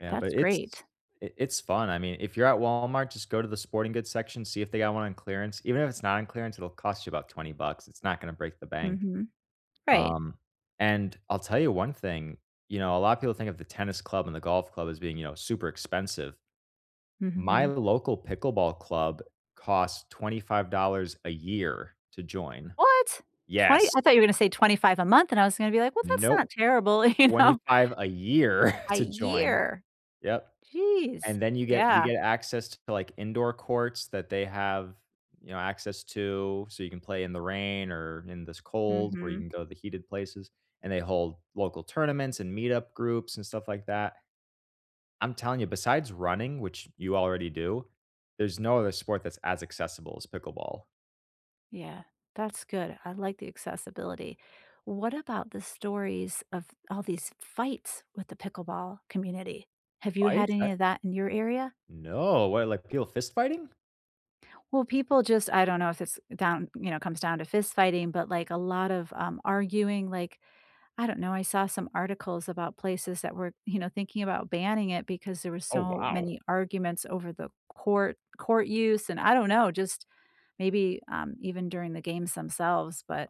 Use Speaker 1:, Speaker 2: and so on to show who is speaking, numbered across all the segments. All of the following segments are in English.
Speaker 1: Yeah,
Speaker 2: That's
Speaker 1: but it's
Speaker 2: great.
Speaker 1: it it's fun. I mean, if you're at Walmart, just go to the sporting goods section, see if they got one on clearance. Even if it's not on clearance, it'll cost you about 20 bucks. It's not gonna break the bank.
Speaker 2: Mhm. Right.
Speaker 1: Um, and I'll tell you one thing, you know, a lotta people think of the tennis club and the golf club as being, you know, super expensive. My
Speaker 2: Mhm.
Speaker 1: local pickleball club costs $25 a year to join.
Speaker 2: What? 20?
Speaker 1: Yes.
Speaker 2: I thought you were gonna say 25 a month, and I was gonna be like, "Well, that's not
Speaker 1: Nope.
Speaker 2: terrible." You
Speaker 1: twenty
Speaker 2: know?
Speaker 1: five a year
Speaker 2: A
Speaker 1: to join.
Speaker 2: year.
Speaker 1: Yep,
Speaker 2: Jeez,
Speaker 1: and then you get you
Speaker 2: yeah.
Speaker 1: get access to, like, indoor courts that they have, you know, access to, so you can play in the rain or in this cold, where you
Speaker 2: Mhm.
Speaker 1: can go to the heated places, and they hold local tournaments and meetup groups and stuff like that. I'm telling you, besides running, which you already do, there's no other sport that's as accessible as pickleball.
Speaker 2: Yeah, that's good. I like the accessibility. What about the stories of all these fights with the pickleball community? Have you had
Speaker 1: Fights? I
Speaker 2: any of that in your area?
Speaker 1: No, well, like, people fist fighting?
Speaker 2: Well, people just I don't know if it's down, you know, comes down to fist fighting, but, like, a lot of, um, arguing, like, I don't know, I saw some articles about places that were, you know, thinking about banning it because there were
Speaker 1: Oh,
Speaker 2: so
Speaker 1: wow.
Speaker 2: many arguments over the court court use, and I don't know, just maybe, um, even during the games themselves, but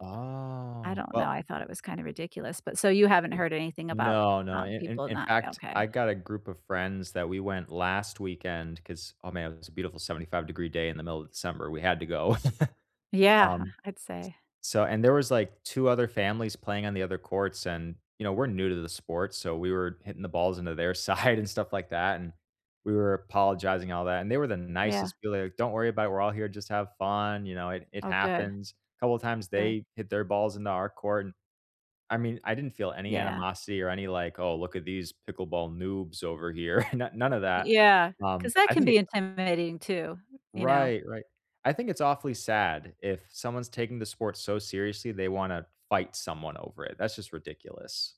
Speaker 2: I don't know.
Speaker 1: well
Speaker 2: I thought it was kinda ridiculous, but so you haven't heard anything about,
Speaker 1: No, no.
Speaker 2: um,
Speaker 1: In in
Speaker 2: people
Speaker 1: in
Speaker 2: not
Speaker 1: fact, I
Speaker 2: okay.
Speaker 1: got a group of friends that we went last weekend, 'cause, oh, man, it was a beautiful 75 degree day in the middle of December. We had to go.
Speaker 2: Yeah,
Speaker 1: Um,
Speaker 2: I'd say.
Speaker 1: so, and there was, like, 2 other families playing on the other courts, and, you know, we're new to the sport, so we were hitting the balls into their side and stuff like that, and we were apologizing and all that, and they were the
Speaker 2: Yeah.
Speaker 1: nicest people, like, "Don't worry about it, we're all here, just have fun, you know, it it
Speaker 2: Oh, good.
Speaker 1: happens." A couple of times
Speaker 2: Good.
Speaker 1: they hit their balls into our court, and I mean, I didn't feel any
Speaker 2: Yeah.
Speaker 1: animosity or any, like, "Oh, look at these pickleball noobs over here," no none of that.
Speaker 2: Yeah, 'cause
Speaker 1: Um,
Speaker 2: that
Speaker 1: I
Speaker 2: can
Speaker 1: think
Speaker 2: be
Speaker 1: it
Speaker 2: intimidating too, you know.
Speaker 1: Right, right. I think it's awfully sad if someone's taking the sport so seriously, they want to fight someone over it. That's just ridiculous.